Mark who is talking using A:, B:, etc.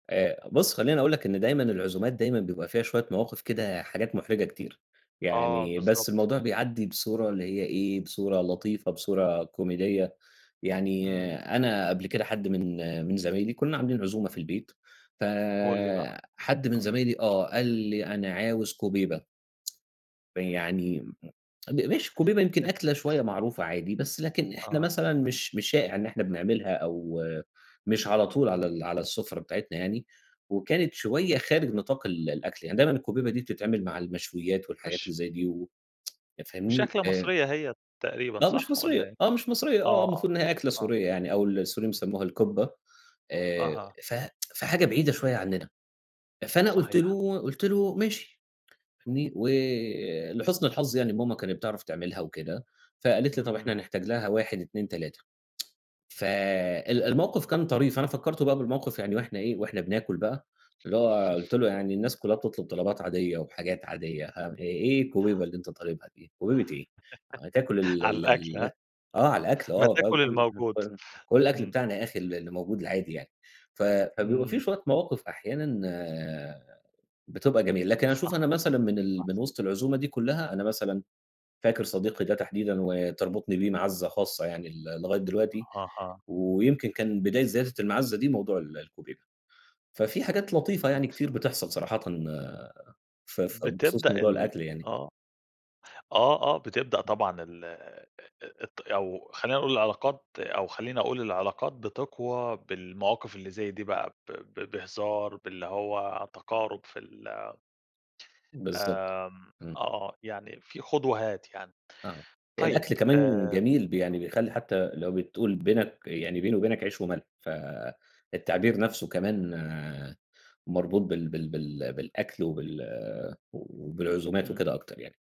A: آآآ بُصّ، خلّيني أقول لك إن دايمًا العزومات دايمًا بيبقى فيها شوية مواقِف كده حاجات مُحرِجة كتير.
B: آه
A: يعني بس
B: بالضبط.
A: الموضوع بيعدّي بصورة اللي هي إيه، بصورة لطيفة، بصورة كوميدية. يعني
B: إمم.
A: أنا قبل كده حد من من زمايلي كُنّا عاملين عزومة في البيت،
B: قُل لي بقى.
A: فحد من
B: آه.
A: زمايلي آه، قال لي: "أنا عاوز كُوبيبة." فيعني م ماشي، الكُوبيبة يمكن أكلة شوية معروفة عادي، بس لكن إحنا
B: آه.
A: مثلًا مش مش شائِع إن إحنا بنعملها أو مش على طول على
B: إمم.
A: ال على السُفرة بتاعتنا يعني وكانت شوية خارج نطاق ال الأكل. يعني دايمًا الكُوبيبة دي بتتعمل مع المشويّات والحاجات اللي
B: مش
A: زي دي و أنت
B: مش
A: فاهمني؟
B: أكلة
A: آآ
B: مصرية هي تقريبًا،
A: لأ، مش
B: صح
A: مصرية.
B: والّا إيه؟
A: آه، مش مصرية
B: آه،
A: آه،
B: آه.
A: المفروض إن هي أكلة
B: آه.
A: سورية يعني أو السوريّين بيسمّوها الكُبّة. آآ
B: أها.
A: ف في حاجة بعيدة شوية عنّنا. فأنا قُلت
B: صحيح.
A: له قُلت له: "ماشي." فاهمني؟ ولحُسن الحظ يعني ماما كانت بتعرف تعملها وكده فقالت لي: "طب إحنا
B: إمم.
A: هنحتاج لها،" 1، 2، 3. ف ال الموقِف كان طريف، أنا فكّرته بقى بالموقِف يعني وإحنا إيه، وإحنا بناكُل بقى اللي هو قُلت له: "يعني الناس كُلّها بتطلُب طلبات عادية وحاجات عادية أ آآ
B: إمم.
A: إيه الكُوبيبة اللي أنت طالبها دي؟ كُوبيبة إيه؟ هتاكل ال
B: على
A: ال
B: الأكل
A: ال"
B: ها؟
A: آه، على الأكل
B: ما
A: آه،
B: تاكُل الموجود.
A: [unintelligible] كل الأكل
B: إمم.
A: بتاعنا يا أخي ال اللي موجود العادي يعني. ف فبيبقى في
B: إمم.
A: شوية مواقِف أحيانًا بتبقى جميلة، لكن أشوف
B: صح.
A: أنا مثلًا من ال
B: [unintelligible]
A: من وِسط العزومة دي كُلّها، أنا مثلًا فاكر صديقي ده تحديدًا وتربطُني بيه مَعزَّة خاصة يعني ل لغاية دلوقتي
B: أها.
A: ويمكن كان بداية زيادة المَعزَّة دي موضوع ال الكُوبيبة. ففي حاجات لطيفة يعني كتير بتحصل صراحةً ف ف بخصوص
B: بتبدأ
A: موضوع
B: ال
A: الأكل يعني.
B: آه. آه، آه، بتبدأ طبعًا ال آآ آآ ات أو خلّينا نقول العلاقات أو خلّيني أقول العلاقات بتقوى بالمواقف اللي زي دي بقى ب ب بهزار، باللي هو تقَارُب في ال
A: بالضبط.
B: آمم
A: إمم.
B: آه. يعني في خُد وهات يعني.
A: آه.
B: طيب،
A: الأكل كمان
B: آآ
A: جميل ب يعني بيخلّي حتّى لو بتقول بينك يعني
B: إمم.
A: بيني وبينك عيش وملح، فالتعبير نَفْسه كمان مربوط بال بال بال بالأكل وبال و وبالعزومات
B: إمم.
A: وكده أكتر يعني.